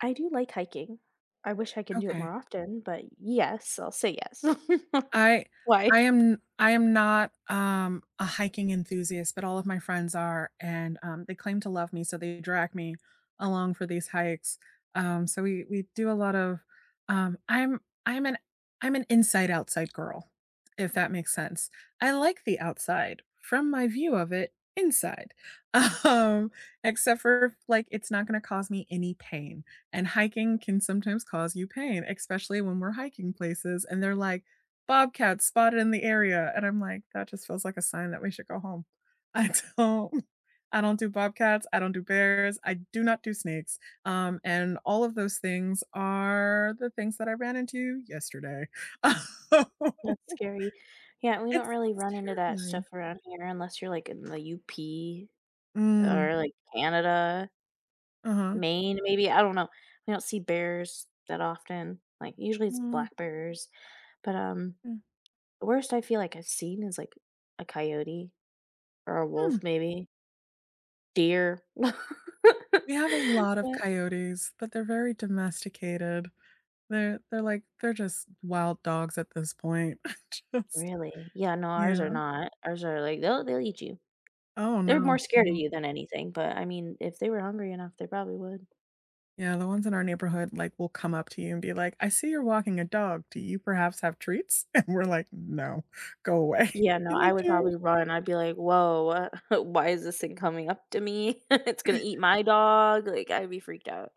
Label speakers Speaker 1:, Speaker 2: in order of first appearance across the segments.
Speaker 1: I do like hiking. I wish I could do it
Speaker 2: Okay.
Speaker 1: more often, but yes, I'll say yes.
Speaker 2: I
Speaker 1: Why?
Speaker 2: I am n I am not, um, a hiking enthusiast, but all of my friends are, and, um, they claim to love me, so they drag me along for these hikes, um, so we we do a lot of, um I'm I'm an I'm an inside outside girl, if that makes sense. I like the outside, from my view of it inside, um, except for f like, it's not gonna cause me any pain, and hiking can sometimes cause you pain, especially when we're hiking places, and they're like, "Bobcats spotted in the area," and I'm like, "That just feels like a sign that we should go home." I don't I don't do bobcats, I don't do bears, I do not do snakes, um, and all of those things are the things that I ran into yesterday. Oh
Speaker 1: That's scary. Yeah, we don't
Speaker 2: It's
Speaker 1: really
Speaker 2: s
Speaker 1: run into that
Speaker 2: terrifying.
Speaker 1: stuff around here unless you're, like, in the UP
Speaker 2: Mm.
Speaker 1: or, like, Canada
Speaker 2: Uh-huh.
Speaker 1: Maine, maybe. I don't know. I don't see bears that often, like, usually it's
Speaker 2: W
Speaker 1: black bears, but, um,
Speaker 2: Mm.
Speaker 1: the worst I feel, like, I've seen is, like, a coyote or a
Speaker 2: Hmm.
Speaker 1: wolf, maybe deer.
Speaker 2: We have a lot of
Speaker 1: What?
Speaker 2: coyotes, but they're very domesticated. They're they're, like they're just wild dogs at this point. I just
Speaker 1: Really? Yeah, no, ours are
Speaker 2: Yeah.
Speaker 1: not. Ours are like they'll they'll eat you.
Speaker 2: Oh,
Speaker 1: They're
Speaker 2: no,
Speaker 1: more
Speaker 2: you
Speaker 1: scared of
Speaker 2: know?
Speaker 1: you than anything, but I mean, if they were hungry enough, they probably would.
Speaker 2: Yeah, the ones in our neighborhood, like, will come up to you and be like, "I see you're walking a dog. Do you perhaps have treats?" And we're like, "No, go away,"
Speaker 1: Yeah, no,
Speaker 2: and they
Speaker 1: I would
Speaker 2: do.
Speaker 1: probably run. I'd be like, "Whoa, what? Why is this thing coming up to me, it's gonna eat my dog," like, I'd be freaked out.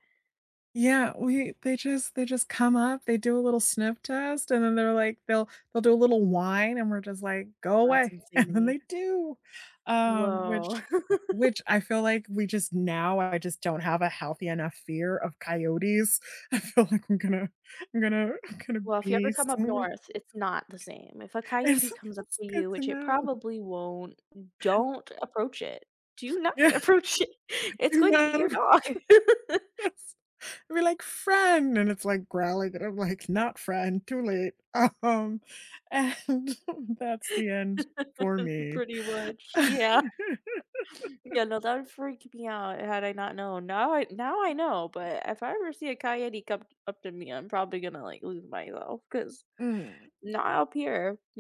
Speaker 2: Yeah, we they just they just come up, they do a little sniff test, and then they're like they'll they'll do a little whine and we're just like, "Go
Speaker 1: That's
Speaker 2: away," and
Speaker 1: insane to
Speaker 2: then
Speaker 1: me.
Speaker 2: they do, um,
Speaker 1: Whoa.
Speaker 2: which which I feel like we just now I just don't have a healthy enough fear of coyotes. I feel like I'm gonna I'm gonna I'm gonna
Speaker 1: Well, if you ever
Speaker 2: be
Speaker 1: come up
Speaker 2: sorry
Speaker 1: north, it's not the same. If a
Speaker 2: It's
Speaker 1: coyote
Speaker 2: so
Speaker 1: comes up
Speaker 2: it's
Speaker 1: to
Speaker 2: good
Speaker 1: you,
Speaker 2: to
Speaker 1: which it
Speaker 2: know.
Speaker 1: probably won't, don't approach it. Do not
Speaker 2: Yeah.
Speaker 1: approach it. It's
Speaker 2: Do
Speaker 1: going to eat
Speaker 2: not
Speaker 1: your
Speaker 2: appr
Speaker 1: dog.
Speaker 2: That's "We're like friend," and it's, like, growling and I'm like, "Not friend, too late," um, and that's the end for me.
Speaker 1: Pretty much. Yeah. Yeah, no, that would freak me out had I not known. Now I Now I know, but if I ever see a coyote come t up to me, I'm probably gonna, like, lose myself 'cause
Speaker 2: Mm.
Speaker 1: not up here.